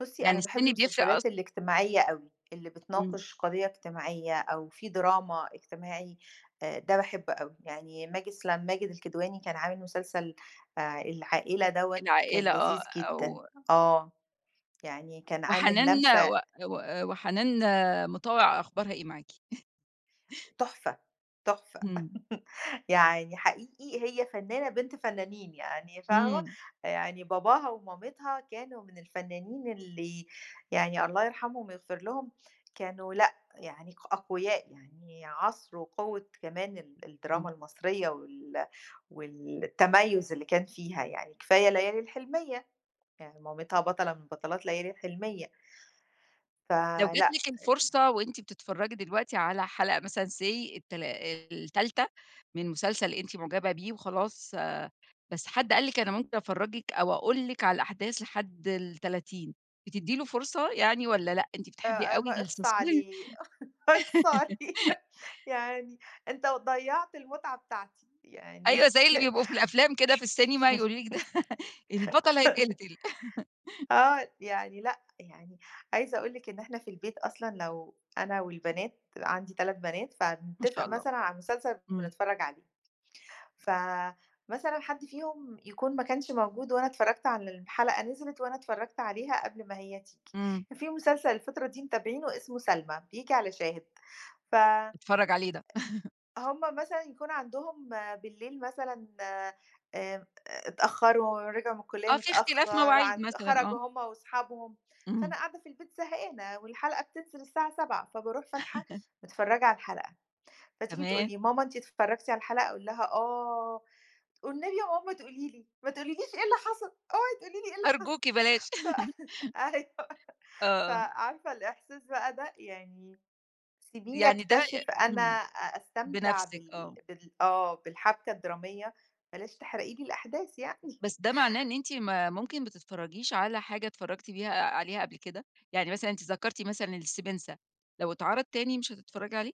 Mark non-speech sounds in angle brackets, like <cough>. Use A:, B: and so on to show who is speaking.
A: بُصّي،
B: يعني
A: أنا باحب
B: السن بيفرق أصلًا؟
A: المسلسلات الاجتماعية أوي، اللي
B: امم.
A: بتناقش قضية اجتماعية أو في دراما اجتماعي، آآ، ده باحبه أوي. يعني ماجد سل ماجد الكدواني كان عامل مسلسل آآ، العائلة دوّة كان
B: العائلة آه،
A: لذيذ جدًا.
B: أو
A: آه. يعني كان عامل
B: وحنان
A: لمسة
B: و و آآ، وحنان، آآ، مطاوع أخبارها إيه معاكِ؟ <chuckles>
A: تحفة، تحفة.
B: امم.
A: <laughs> يعني حقيقي هي فنانة بنت فنانين يعني فاهمة؟
B: امم.
A: يعني باباها ومامتها كانوا من الفنانين اللي يعني الله يرحمهم ويغفر لهم، كانوا لأ، يعني أقوياء، يعني عصر وقوة كمان ال الدراما
B: امم.
A: المصرية وال والتميز اللي كان فيها يعني. كفاية ليالي الحلمية، يعني مامتها بطلة من بطلات ليالي الحلمية.
B: لو جات
A: فلأ،
B: لِك
A: آآ
B: الفرصة وأنتِ بتتفرجي دلوقتي على حلقة مثلًا say التلا آآ، ال3 من مسلسل أنتِ معجبة بيه وخلاص، آآ، بس حد قال لِك أنا ممكن أفرجِك أو أقول لِك على الأحداث لحد ال30، بتدّي له فرصة يعني والَّا لأ؟ أنتِ بتحبي
A: آآ، ب
B: أوي
A: إخص
B: الsusp
A: عليه، <chuckles> إخص عليه.
B: <laughs>
A: يعني أنت ضيعت المتعة بتاعتي
B: أيوة،
A: يعني
B: زي اللي بيبقوا في
A: <chuckles>
B: الأفلام كدا في السينما يقووا لِك ده <laughs> البطل
A: <chuckles>
B: هيتقتل. <laughs>
A: آه يعني لأ، يعني عايزة أقول لِك إن إحنا في البيت أصلًا لو أنا والبنات، عندي 3 بنات،
B: ما شاء
A: فنتفق
B: الله.
A: مثلًا على المسلسل
B: امم.
A: ونتفرج عليه. فمثلًا حد فيهم يكون ما كانش موجود وأنا اتفرجت على ال الحلقة نزلت، وأنا اتفرجت عليها قبل ما هي تيجي.
B: امم.
A: فيه مسلسل الفترة دي متابعينه اسمه سلمى، بييجي على شاهد. ف
B: باتفرج عليه ده. <laughs>
A: هُم مثلًا يكون عندهم آآ، بالليل مثلًا آآ، اتأخروا رجعوا من الكلية
B: آه، في اختلاف
A: متأخر،
B: مواعيد
A: عن
B: مثلًا، آه.
A: خرجوا هُم وأصحابهم، فأنا
B: امم.
A: قاعدة في البيت زهقانة، والحلقة بتنزل الساعة 19:00، فباروح فاتحة،
B: <laughs>
A: متفرجة على الحلقة. فتيجي تقول
B: تمام.
A: لي: "ماما أنتِ اتفرجتِ على الحلقة؟" أقول لها: "آه." والنبي يا ماما ما تقولي لي، ما تقولي ليش إيه اللي حصل. أوعي تقولي لي إيه اللي حصل.
B: أرجوكِ بلاش.
A: ف
B: <laughs>
A: <laughs> أيوه. ف
B: آه.
A: عارفة الإحساس بقى ده؟ يعني سيبيني
B: يعني ده آآ،
A: أكتشف أنا
B: امم،
A: أستمتع
B: بنفسِك،
A: بال
B: آه.
A: بال آه، بالحبكة الدرامية، بلاش تحرقي لي الأحداث يعني.
B: بس ده معناه إن أنتِ ما ممكن ما تتفرجيش على حاجة اتفرجتِ بيه عليها قبل كدا. يعني مثلًا أنتِ ذكرتي مثلًا الـسبنسة، لو اتعرض تاني مش هتتفرجي عليه؟